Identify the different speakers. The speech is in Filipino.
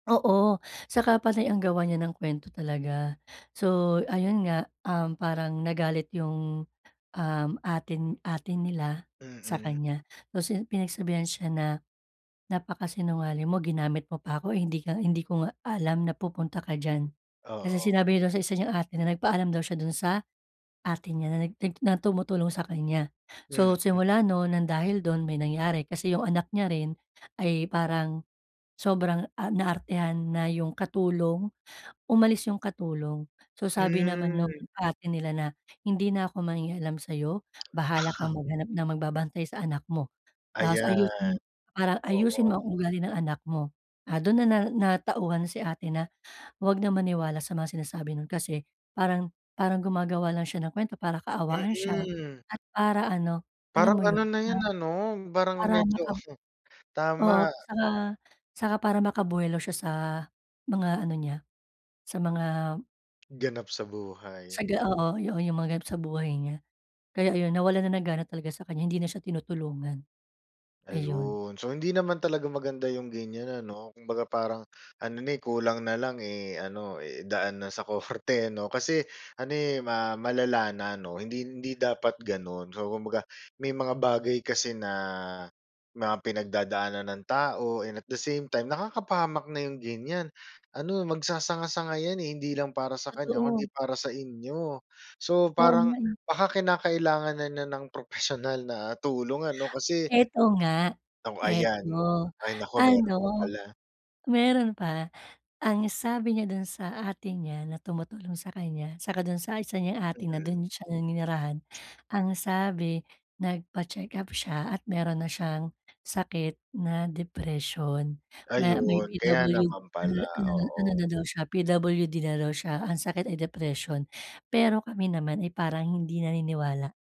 Speaker 1: Oo, tsaka panay ang gawa niya ng kuwento talaga. So, ayun nga, um, parang nagalit yung, um, ate ate nila sa
Speaker 2: Mm.
Speaker 1: kaniya. Tapos yun, pinagsabihan siya na, “Napaka-sinungaling mo. Ginamit mo pa ako, eh, hindi ka hindi ko nga alam na pupunta ka diyan.” Kasi
Speaker 2: Oo.
Speaker 1: sinabi niya dun sa isa niyang ate na nagpaalam daw siya dun sa ate niya na nag na tumutulong sa kaniya. So
Speaker 2: Mm.
Speaker 1: simula no'n, nang dahil dun, may nangyari kasi yung anak niya rin ay parang sobrang, ah, na-artehan na yung katulong. Umalis yung katulong. So sabi naman nung
Speaker 2: Hmm.
Speaker 1: ate nila na, “Hindi na ako mangingialam sa'yo, bahala kang maghanap ng magbabantay sa anak mo. Tapos
Speaker 2: Ayan,
Speaker 1: ayusin ah ayusin
Speaker 2: oo.
Speaker 1: mo ang ugali ng anak mo.” Ah, dun na natauhan si ate na huwag na maniwala sa mga sinasabi nun. Kasi parang parang gumagawa lang siya ng kuwento para kaawaan siya.
Speaker 2: Mm.
Speaker 1: At para ano, alam
Speaker 2: Parang
Speaker 1: mo yun,
Speaker 2: ano na yun
Speaker 1: ah
Speaker 2: ano, parang
Speaker 1: para
Speaker 2: medyo
Speaker 1: maka oo,
Speaker 2: tama.
Speaker 1: tsaka tsaka para maka buwelo siya sa mga ano niya, sa mga
Speaker 2: Ganap sa buhay.
Speaker 1: sa ga oo. Yu yung mga ganap sa buhay niya. Kaya ayun, nawalan na ng gana talaga sa kaniya. Hindi na siya tinutulungan. Ayun.
Speaker 2: Ayun. So hindi naman talaga maganda yung ganiyan, ano. Kumbaga parang ano na eh, kulang na lang, eh, ano, i-daan na sa korte 'no. Kasi ano eh, ma malala na 'no. Hindi hindi dapat gano’n. So kumbaga, may mga bagay kasi na mga pinagdadaanan ng tao and at the same time, nakakapahamak na yung ganiyan. Ano, magsasanga-sanga ‘yan eh. Hindi lang para sa kaniya, kung
Speaker 1: Totoo.
Speaker 2: ‘di para sa inyo. So
Speaker 1: Oo
Speaker 2: parang
Speaker 1: nga eh.
Speaker 2: baka kinakailangan na niya ng propesyonal na tulong ano kasi
Speaker 1: Eto nga,
Speaker 2: O
Speaker 1: eto.
Speaker 2: ayan. Ay nako,
Speaker 1: Ano,
Speaker 2: mayroon pa pala.
Speaker 1: meron pa. Ang sabi niya dun sa ate niya na tumutulong sa kaniya, tsaka dun sa isa niyang ate na
Speaker 2: Mm.
Speaker 1: dun siya naninirahan. Ang sabi nagpa-check-up siya at meron na siyang sakit na depression. Ma may
Speaker 2: Ayun, kaya
Speaker 1: PWD
Speaker 2: naman
Speaker 1: na
Speaker 2: pala.
Speaker 1: na ano
Speaker 2: Oo.
Speaker 1: na daw siya, PWD na daw siya. Ang sakit ay depression. Pero kami naman ay parang hindi naniniwala.